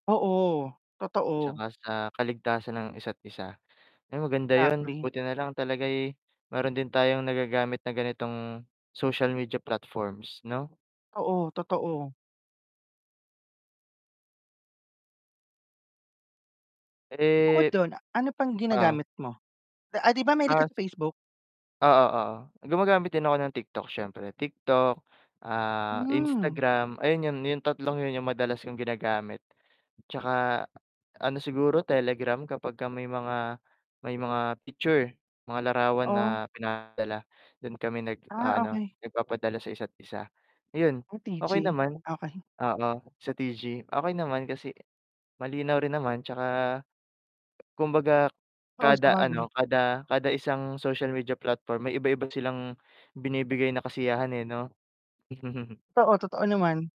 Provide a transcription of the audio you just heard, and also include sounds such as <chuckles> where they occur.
Oo, totoo. 'Tsaka sa kaligtasan ng isa't isa. Eh, maganda yun, Exactly. buti nalang talaga'y meron din tayong nagagamit na ganitong social media platforms, no? Oo, totoo. Bukod Eh, dun ano pang oh. ginagamit mo? Ah 'di ba mahilig Ah, ka s sa Facebook? Oo, oo. Gumagamit din ako ng TikTok syempre. TikTok, ah, Hmm. Instagram, ayun yun yung tatlong yun yung madalas kong ginagamit. Tsaka, ano siguro Telegram kapagka may mga may mga picture mga larawan Oh. na pinadala dun kami Ah, nag-aano okey. nagpapadala sa isa't isa. Ayun Ah, okay TG naman, okey. oo sa TG okay naman kasi malinaw rin naman, tsaka, kumbaga Oo, kada sabagay. ano, kada, kada isang social media platform may iba iba silang binibigay na kasiyahan, eh, no? <chuckles> Oo, totoo naman.